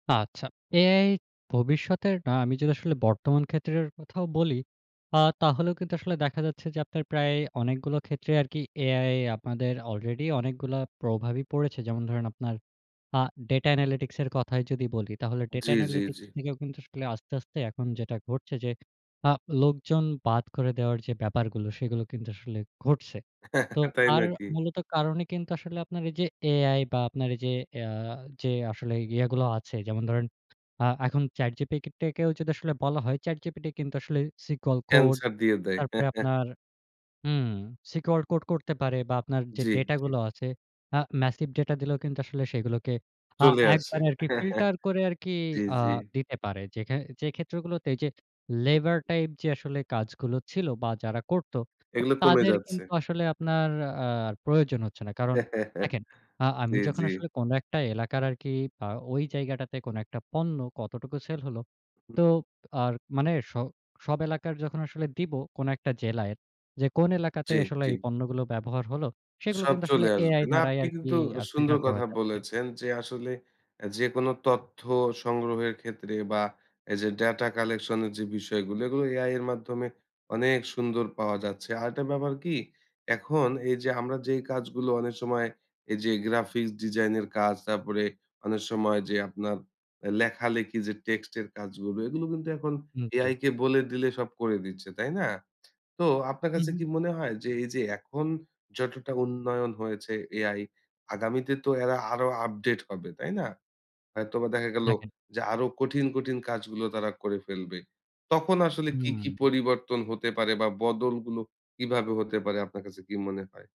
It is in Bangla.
আচ্ছা। এআই ভবিষ্যতের না আমি যদি আসলে বর্তমান ক্ষেত্রের কথাও বলি, আ তাহলেও কিন্তু আসলে দেখা যাচ্ছে যে আপনার প্রায় অনেকগুলো ক্ষেত্রে আরকি এআই আপনাদের আলরেডি অনেকগুলা প্রভাবই পড়েছে। যেমন ধরেন আপনার আ ডাটা অ্যানালিটিক্স এর কথায় যদি বলি তাহলে ডাটা জি, জি, জি। অ্যানালিটিক্স থেকেও কিন্তু আসলে আস্তে, আস্তে এখন যেটা ঘটছে যে আ লোকজন বাদ করে দেওয়ার যে ব্যাপারগুলো সেগুলো কিন্তু আসলে ঘটছে। তো তাই তার নাকি? মূলত কারণে কিন্তু আসলে আপনার এই যে এআই বা আপনার এই যে আ যে আসলে ইয়েগুলো আছে যেমন ধরেন, আ এখন ChatGPT-কেও যদি আসলে বলা হয় ChatGPT কিন্তু আসলে সিকিউর কোড এন্সার দিয়ে দেয়। তারপরে আপনার হুম, সিকিউর কোড করতে পারে বা আপনার যে জি, ডেটা জি। গুলো আছে, আ ম্যাসিভ ডাটা দিলেও কিন্তু আসলে সেগুলোকে আ চলে আসে। একবারে আরকি ফিল্টার করে আরকি জি, আ জি। দিতে পারে। যে খে যে ক্ষেত্রগুলোতে যে হুম। লেবার টাইপ যে আসলে কাজগুলো ছিল বা যারা করত, তো এগুলো কমে তাদের যাচ্ছে। কিন্তু আসলে আপনার আর প্রয়োজন হচ্ছেনা। কারণ দেখেন আ জি, আমি যখন জি। আসলে কোন একটা এলাকার আর কি আ ওই জায়গাটাতে কোন একটা পণ্য কতটুকু সেল হলো হুম। তো আর মানে স সব এলাকার যখন আসলে দিব কোন একটা জেলায় যে, কোন এলাকাতে জি, আসলে জি। এই পণ্যগুলো ব্যবহার হলো? সেগুলো সব কিন্তু আসলে চলে আসবে। এআই না দ্বারাই আপনি আরকি কিন্তু আ সুন্দর ফিল্টার করা কথা যাচ্ছে। বলেছেন যে আসলে, এ যেকোনো তথ্য সংগ্রহের ক্ষেত্রে বা এই যে ডেটা কালেকশন এর যে বিষয়গুলো, এগুলো এআই এর মাধ্যমে অনেক সুন্দর পাওয়া যাচ্ছে। আরেকটা ব্যাপার কি? এখন এই যে আমরা যেই কাজগুলো অনেক সময় এই যে গ্রাফিক্স ডিজাইন এর কাজ, তারপরে অনেক সময় যে আপনার লেখালেখি যে টেক্সটের কাজগুলো, এগুলো কিন্তু এখন হুম, জি। এআই কে বলে দিলে সব করে দিচ্ছে। তাই না? তো আপনার হুম, কাছে হুম। কি মনে হয় যে, এই যে এখন যতটা উন্নয়ন হয়েছে এআই আগামীতে তো এরা আরো আপডেট হবে, তাই না? হয়তোবা দেখা গেলো দেখেন যে আরো কঠিন, কঠিন কাজগুলো তারা করে ফেলবে। তখন আসলে কি, কি হুম। পরিবর্তন হতে পারে বা বদলগুলো কিভাবে হতে পারে আপনার কাছে কি মনে হয়?